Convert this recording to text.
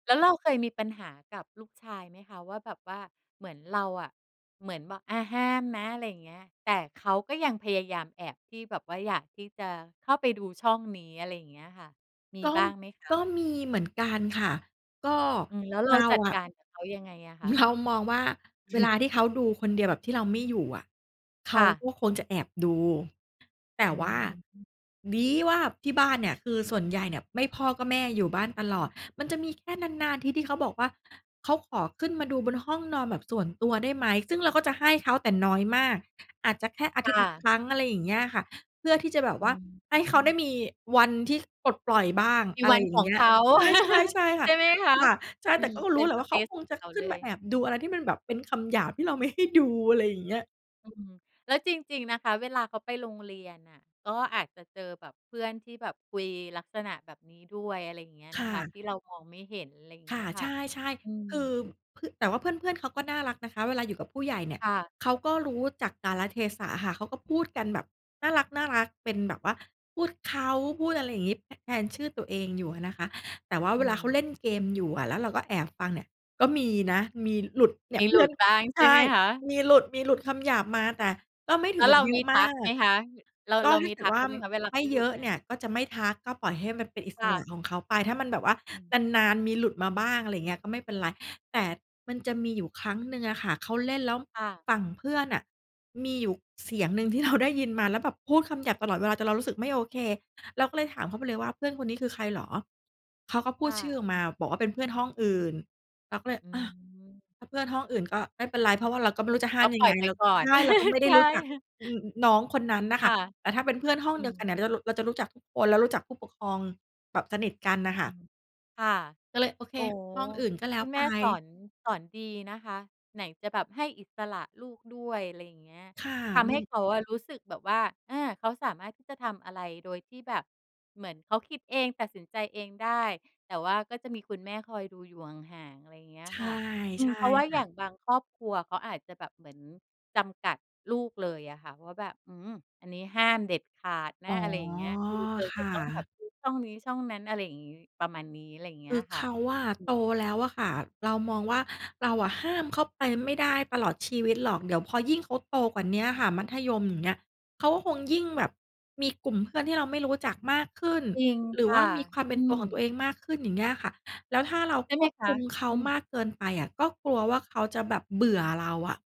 แล้วเราเคยมีปัญหากับลูกชายไหมคะว่า แบบว่าเหมือนเราอะ เหมือนแบบ อา ห้ามนะ อะไรอย่างเงี้ย แต่เขาก็ยังพยายามแอบที่แบบว่า อยากที่จะเข้าไปดูช่องนี้ อะไรอย่างเงี้ยค่ะ มีก็ บ้างไหมคะ? ก็มีเหมือนกันค่ะ ก็อืม แล้วเรเราาจัดอกะ ารกับเขายังไงอะคะ? เรามองว่า เวลาที่เขาดูคนเดียวแบบที่เราไม่อยู่อะ เขคา่ะ ก็คงจะแอบดู แต่อืว่า อฮึ ดี ว่า ที่บ้านเนี่ย คือส่วนใหญ่เนี่ย ไม่พ่อก็แม่อยู่บ้านตลอด มันจะมีแค่นาน ๆ ทีที่เขาบอกว่า เขาขอขึ้นมาดูบนห้องนอนแบบส่วนตัวได้ไหม? ซึ่งเราก็จะให้เขา แต่น้อยมาก อาจจะแค่อาคทิตย่์ละะ ครั้ง อะไรอย่างเงี้ยค่ะ เพื่อที่จะแบบอืว่าให้เขาไดม ้มีวันที่เขาปลดปล่อยบ้าง มีอะวไรันอย่ขางอเงงี้เย ขา ใช่ ๆ ใช่คใ่ชะ ่ไหมคะ? ค่ะ ใช่ อืแต่ม ก็เรป็ู้น แหลสะว่า เปเขาซคงของจะเขาขึเ้ลนมาย แอบดูอะไรที่มันแบบเป็นคำหยาบที่เราไม่ให้ดู อะไรอย่างเงี้ย อืม แล้วจริง ๆ นะคะ เวลาเขาไปโรงเรียนน่ะ ก็อาจจะเจอแบบเพื่อนที่แบบคุยลักษณะแบบนี้ด้วย อะไรอย่างเงี้ยคนะ่คะ ะ ที่เรามองไม่เห็น อะไรอย่างคเงี่้ะ ยคใ่ชะ ่ อืๆ คือม เพื่อ แต่ว่าเพื่อน ๆ เขาก็น่ารักนะคะ เวลาอยู่กับผู้ใหญ่เนี่ย ค่ะ เขาก็รู้จักกาลเทศะอะค่ะ เขาก็พูดกันแบบน่ารัก ๆ เป็นแบบว่า พูดเขา พูดอะไรอย่างงี้ ท แทนชื่อตัวเองอยู่อะนะคะ แต่ว่าเอืวลาเขาม เล่นเกมอยู่อะ แล้วเราก็แอบฟังเนี่ย ก็มีนะ มีหลุด เนี่มีย เพหลืุ่อน ดบ้างใใชช่ไห่ มคะ? มีหลุด มีหลุดคำหยาบมา แต่ก็ไม่ถแลึ้งวกเัรบาเยมอีะทมัากไหมก คะ? เรา ก็เราถ้มาีเกิทดักวเ่าขาไหมคะ เวลาไมเข่าหลเยุดอะมเา? นี่ย ก็จะไม่ทัก ก็ปล่อยให้มันเป็นอิคส่ระะ ของเขาไป ถ้ามันแบบว่าอืม นาน ๆ มีหลุดมาบ้าง อะไรอย่างเงี้ย ก็ไม่เป็นไร แต่มันจะมีอยู่ครั้งหนึ่งอะค่ะ เขาเล่นแล้ว ค่ะ ฝั่งเพื่อนน่ะ มีอยู่เสียงหนึ่งที่เราได้ยินมาแล้วแบบพูดคำหยาบตลอดเวลา จนเรารู้สึกไม่โอเค เราก็เลยถามเขาไปเลยว่า "เพื่อนคนนี้คือใครเหรอ?" เขาก็พูค่ดชื่ออะ อกมา บอกว่าเป็นเพื่อนห้องอื่น เราก็เลย ออืา ม ถ้าเพื่อนห้องอื่นก็ไม่เป็นไร เพราะว่าเราก็ไม่รู้จะห้กา็มยปัลง่อไยง ไปเรา ก่อน ใช่ เราก็ไม่ไใดช้รู่ ้จัก อึอ อือ อือ น้องคนนั้นน่ะคค่่ะ ะ แต่ถ้าเป็นเพื่อนห้องอืเดียวกันเนี่ย เดีม ๋ยวเรารุ เราจะรู้จักทุกคน แล้วรู้จักผู้ปกครองแบบสนิทกันน่ะค่ะ ค่ะ ก็เลย โอเค โอ้โฮ ห้องอื่นก็แล้คุวณไแมป ่สอน สอนดีนะคะ ไหนจะแบบให้อิสระลูกด้วย อะไรอย่างเงี้ย ค่ะ ทำมใหั้น ำเขาอะรู้สึกแบบว่า อา เขาสามารถที่จะทำอะไร โดยที่แบบเหมือนเขาคิดเองตัดสินใจเองได้ แต่ว่าก็จะมีคุณแม่คอยดูอยู่ห่าง ๆ อะไรอย่างเงี้ยใชค่ ่ะ อืใชม ่เพราะว่าคอย่ะ ่างบางครอบครัว เขาอาจจะแบบเหมือนจำกัดลูกเลยอะค่ะว่าแบบ "อืม อันนี้ห้ามเด็ดขาดนอะ" ๋อ อะไรอย่างเงี้ย คือ "เธอคจะ่ต้องแบะ บดูช่องนี้ช่องนั้น" อะไรอย่างงี้ ประมาณนี้ อะไรอย่างเคงี้ืยออะค่เขะ าอะโตแล้วอะค่ะ เรามองว่า เราอะห้ามเขาไปไม่ได้ตลอดชีวิตหรอก เดี๋ยวพอยิ่งเขาโตกว่าเนี้ยอะค่ะ มัธยมอย่างเงี้ย เขาก็คงยิ่งแบบมีกลุ่มเพื่อนที่เราไม่รู้จักมากขึ้น จริงหรืคอว่่ะ ามีความเปอ็ืนตัวของม ตัวเองมากขึ้น อย่างเงี้ยค่ะ แล้วถ้าเราใช่คไหมวบคคะ? ุมเขาอืม มากเกินไปอะ ก็กลัวว่าเขาจะแบบเบื่อเราอะ